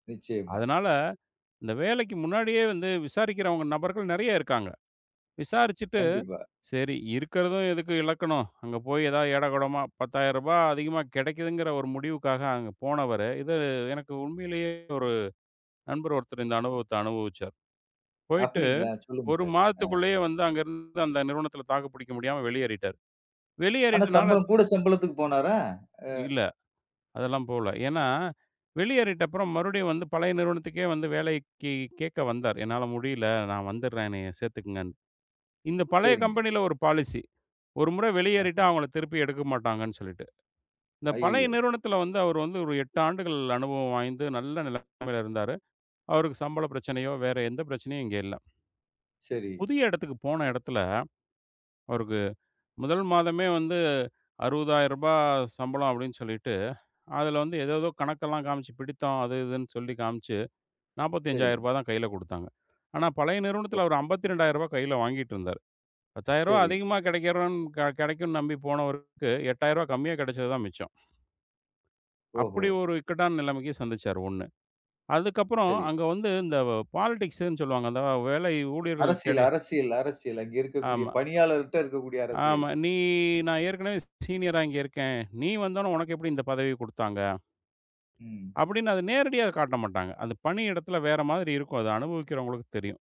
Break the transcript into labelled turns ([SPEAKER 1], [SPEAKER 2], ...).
[SPEAKER 1] நிச்சயமா.
[SPEAKER 2] அதனால, இந்த வேலைக்கு முன்னாடியே வந்து, விசாரிக்கிறவங்க நபர்கள் நெறைய இருக்காங்க. விசாரிச்சுட்டு.
[SPEAKER 1] கண்டிப்பா.
[SPEAKER 2] சரி இருக்கிறதும் எதுக்கு இழக்கணும்? அங்க போய் ஏதாவது ஏடாகொடமா, ரூ. 10,000 அதிகமா கிடைக்குதுங்கிற ஒரு முடிவுக்காக, அங்க போனவரு, இது எனக்கு, உண்மையிலேயே ஒரு நண்பர் ஒருத்தர் இந்த அனுபவத்த அனுபவிச்சாரு. போயிட்டு
[SPEAKER 1] அப்படிங்களா? சொல்லுங்க
[SPEAKER 2] 1
[SPEAKER 1] சார். அ.
[SPEAKER 2] மாதத்துக்குள்ளே வந்து அங்க இருந்து அந்த நிறுவனத்துல தாக்குப் பிடிக்க முடியாம வெளியேறிட்டாரு.
[SPEAKER 1] ஆனா,
[SPEAKER 2] வெளியேறிட்டனால
[SPEAKER 1] சம்பளம். கூடச் சம்பளத்துக்குப் போனாரா? அ.
[SPEAKER 2] இல்ல. அதெல்லாம் போல. ஏன்னா வெளியேறிட்ட அப்புறம் மறுபடியும் வந்து பழைய நிறுவனத்துக்கே வந்து வேலைக்குக் கேக்க வந்தார். "என்னால முடியல நான் வந்துர்றேன் என்னைய சேர்த்துக்கங்கன்னு." இந்தப் பழைய
[SPEAKER 1] சரிங்க.
[SPEAKER 2] கம்பெனில ஒரு பாலிசி. ஒரு முறை வெளியேறிட்டா
[SPEAKER 1] அஹ.
[SPEAKER 2] அவங்கள திருப்பி எடுக்கமாட்டாங்கன்னு சொல்லிட்டு. இந்தப் பழைய
[SPEAKER 1] அய்யய்யோ.
[SPEAKER 2] நிறுவனத்துல வந்து, அவர் வந்து ஒரு 8 ஆண்டுகள் அனுபவம் வாய்ந்து நல்ல நிலைமையில இருந்தாரு. அவருக்குச் சம்பள பிரச்சனையோ, வேற எந்த பிரச்சனையும் இங்க இல்ல.
[SPEAKER 1] சரி.
[SPEAKER 2] புதிய இடத்துக்குப் போன இடத்துல, அவருக்கு, 1 மாதமே வந்து ரூ. 60,000 சம்பளம் அப்படின்னு சொல்லிட்டு, அதுல வந்து ஏதோ ஏதோ கணக்கெல்லாம் காமிச்சு, பிடித்தம் அது இதுன்னு சொல்லி காமிச்சு, நாற்பத்தி ஐந்தாயிர
[SPEAKER 1] சரி.
[SPEAKER 2] ரூபா தான் கையில கொடுத்தாங்க. ஆனா பழைய நிறுவனத்துல அவர்
[SPEAKER 1] ஓஹோ.
[SPEAKER 2] ரூ. 52,000 கையில வாங்கிட்டுருந்தார். ரூ. 10,000
[SPEAKER 1] சரி.
[SPEAKER 2] அதிகமா கிடைக்குரங் கிடைக்கும் நம்பி போனவருக்கு ரூ. 8,000 கம்மியா கிடைச்சதுதான் மிச்சம்.
[SPEAKER 1] ஓஹோ.
[SPEAKER 2] அப்படி ஒரு இக்கட்டான நிலைமைக்கு சந்திச்சாரு ஒண்ணு. அதுக்கப்புறம்,
[SPEAKER 1] சரி.
[SPEAKER 2] அங்க வந்து இந்த, பாலிடிக்ஸ்ன்னு சொல்லுவாங்க. அந்த வேலை ஊழியர்கள்
[SPEAKER 1] அரசியல்,
[SPEAKER 2] இடையே.
[SPEAKER 1] அரசியல், அரசியல் அங்க இருக்கக்கூடிய
[SPEAKER 2] ஆமா,
[SPEAKER 1] பணியாளர்ட்ட இருக்கக்கூடிய அரசியல்.
[SPEAKER 2] ஆமா. "நீ, நான் ஏற்கனவே சீனியரா இங்க இருக்கேன். நீ வந்தவுடனே உனக்கு எப்படி இந்தப் பதவி கொடுத்தாங்க?"
[SPEAKER 1] ம்.
[SPEAKER 2] அப்படின்னு அத நேரடியா காட்டமாட்டாங்க. அந்தப் பணியிடத்துல வேற மாதிரி இருக்கும். அத அனுபவிக்கிறவங்களுக்கு தெரியும்.